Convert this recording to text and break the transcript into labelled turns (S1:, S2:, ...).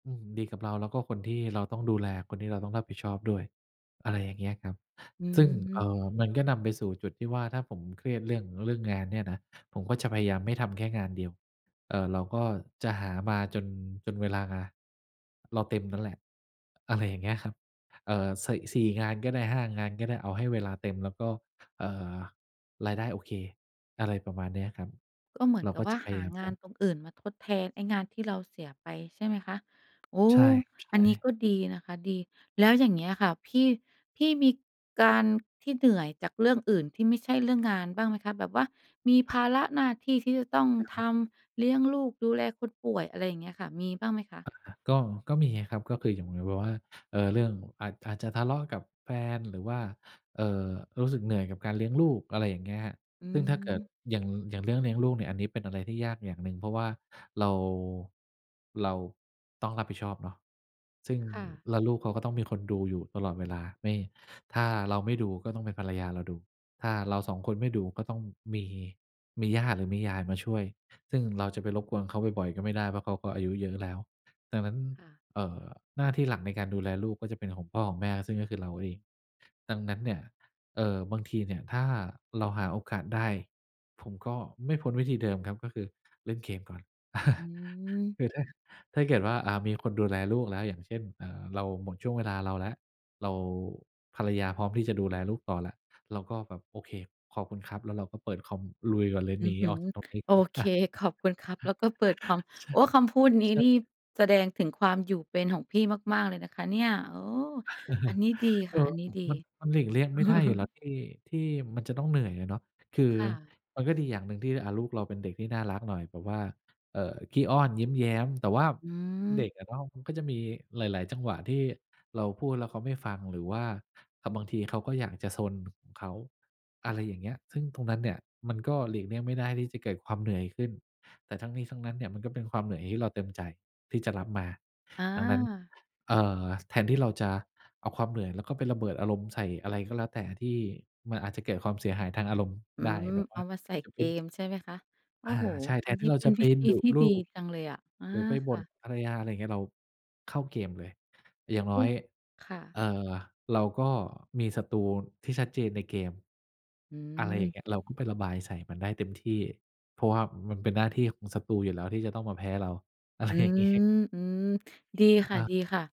S1: อืม ดีกับเรา แล้วก็คนที่เราต้องดูแล คนที่เราต้องรับผิดชอบด้วย อะไรอย่างเงี้ยครับ
S2: อื
S1: ซึ่ง เออ
S2: ม
S1: มันก็นำไปสู่จุดที่ว่า ถ้าผมเครียดเรื่อง เรื่องงานเนี่ยนะ ผมก็จะพยายามไม่ทำแค่งานเดียว เออ เราก็จะหามาจน จนเวลา เราเต็มนั่นแหละ อะไรอย่างเงี้ยครับ เออ สิ สี่งานก็ได้ 5 งานก็ได้ เอาให้เวลาเต็ม แล้วก็ เออ รายได้โอเค อะไรประมาณเนี้ยครับ เราก็จะ
S2: ก็เหมือนกับว่า หาง
S1: พยายามเน
S2: า
S1: า
S2: น
S1: ะ
S2: ตรงอื่นมาทดแทนไอ้งานที่เราเสียไปใช่ไหมคะ? โอ้
S1: ใช่ครับ ใช
S2: อันนี้
S1: ่
S2: ก็ดีนะคะ ดี แล้วอย่างเงี้ยค่ะ พี่ พี่มี การที่เหนื่อยจากเรื่องอื่นที่ไม่ใช่เรื่องงานบ้างไหมคะ? แบบว่ามีภาระหน้าที่ที่จะต้อง
S1: กั๊
S2: ท
S1: ม
S2: ำ เลี้ยงลูก ดูแลคนป่วย อะไรอย่างเงี้ยค่ะ มีบ้างไหมคะ?
S1: อ่า ก็ ก็มีอะครับ ก็คือ อย่างมีแบบว่า เออ เรื่อง อาจ อาจจะทะเลาะกับแฟน หรือว่า เออ รู้สึกเหนื่อยกับการเลี้ยงลูก อะไรอย่างเงี้ย
S2: อื
S1: ซึ่งถ้าเกิด
S2: ม
S1: อย่าง อย่างเรื่องเลี้ยงลูกเนี่ย อันนี้เป็นอะไรที่ยากอย่างหนึ่ง เพราะว่าเรา เราต้องรับผิดชอบเนาะ ซึ่ง
S2: ค่ะ
S1: แล้วลูกเขาก็ต้องมีคนดูอยู่ตลอดเวลา ไม่ ถ้าเราไม่ดู ก็ต้องเป็นภรรยาเราดู ถ้าเรา 2 คนไม่ดู ก็ต้องมี มีย่าหรือมียายมาช่วย ซึ่งเราจะไปรบกวนเขาบ่อย ๆ ก็ไม่ได้ เพราะเขาก็อายุเยอะแล้ว ดังนั้น
S2: ค่ะ
S1: เออ หน้าที่หลักในการดูแลลูกก็จะเป็นของพ่อของแม่ ซึ่งก็คือเราเอง ดังนั้นเนี่ย เออ บางทีเนี่ยถ้าเราหาโอกาสได้ ผมก็ ไม่พ้นวิธีเดิมครับ ก็คือ เล่นเกมก่อน
S2: อืม
S1: คือถ้า ถ้าเกิดว่า อ่า มีคนดูแลลูกแล้ว อย่างเช่น เออ เราหมดช่วงเวลาเราแล้ว เรา ภรรยาพร้อมที่จะดูแลลูกต่อแล้ว เราก็แบบ "โอเค ขอบคุณครับ" แล้วเราก็เปิดคอม ลุยก่อนเลย
S2: อื
S1: หน
S2: อ
S1: ี
S2: ฮึ
S1: ออกจากตรงนี้
S2: "โ
S1: ก
S2: อ
S1: ่อน
S2: เค ขอบคุณครับ แล้วก็เปิดคอม" โอ้ คำพูดนี้
S1: ใช่
S2: นี
S1: ใช่
S2: ่แสดงถึงความอยู่เป็นของพี่มาก ๆ เลยนะคะเนี่ย โอ้ อันนี้ดี
S1: เ
S2: ค
S1: ออ
S2: ่ะ อันนี้ดี
S1: มัน มันหลีกเลี่ยงไม่ได้อยู่แล้วที่ ที่มันจะต้องเหนื่อยอะเนาะ คือ
S2: ค่ะ
S1: มันก็ดีอย่างหนึ่งที่ อะ ลูกเราเป็นเด็กที่น่ารักหน่อย แบบว่า เออ ขี้อ้อน ยิ้มแย้ม แต่ว่า
S2: อื
S1: เด
S2: ม
S1: ็กอะเนาะ มันก็จะมีหลาย ๆ จังหวะที่เราพูดแล้วเขาไม่ฟัง หรือว่า อะ บางทีเขาก็อยากจะซนของเขา อะไรอย่างเงี้ย ซึ่งตรงนั้นเนี่ยมันก็หลีกเลี่ยงไม่ได้ที่จะเกิดความเหนื่อยขึ้น แต่ทั้งนี้ทั้งนั้นเนี่ยมันก็เป็นความเหนื่อยที่เราเต็มใจที่จะรับมา
S2: อ
S1: ดังนั้น
S2: า
S1: เออ แทนที่เราจะเอาความเหนื่อย แล้วก็ไประเบิดอารมณ์ใส่อะไรก็แล้วแต่ ที่มันอาจจะเกิดความเสียหายทางอารมณ์
S2: อื
S1: ได้
S2: ม
S1: แบบว
S2: เอ
S1: ่า
S2: ามาใส่
S1: จะ
S2: เ
S1: เ
S2: ก
S1: ป็น
S2: มใช่ไหมคะ? โอ้
S1: อา
S2: โฮ
S1: ใช่ แท
S2: อัน
S1: นท
S2: น
S1: ี
S2: ี
S1: ่
S2: ้
S1: เรา
S2: เป็
S1: จะ
S2: น
S1: ไป
S2: วิธี
S1: ดุ
S2: ที่
S1: ลู
S2: ดี
S1: ก
S2: จังเลยอะ อา
S1: หรือไปบ
S2: ค่
S1: ่น
S2: ะ
S1: ภรรยา อะไรอย่างเงี้ย เราเข้าเกมเลย อย่างน
S2: อ
S1: ้
S2: ื
S1: อ
S2: อ
S1: ย
S2: ค่ะ
S1: เออ เราก็มีศัตรูที่ชัดเจนในเกม
S2: อื
S1: อะไรอย่าง
S2: ม
S1: เงี้ย เราก็ไประบายใส่มันได้เต็มที่ เพราะว่ามันเป็นหน้าที่ของศัตรูอยู่แล้วที่จะต้องมาแพ้เรา อะไร
S2: อื
S1: อย่างงี้
S2: ม อืม ดี
S1: อะ
S2: ค
S1: อา
S2: ่ะ ๆ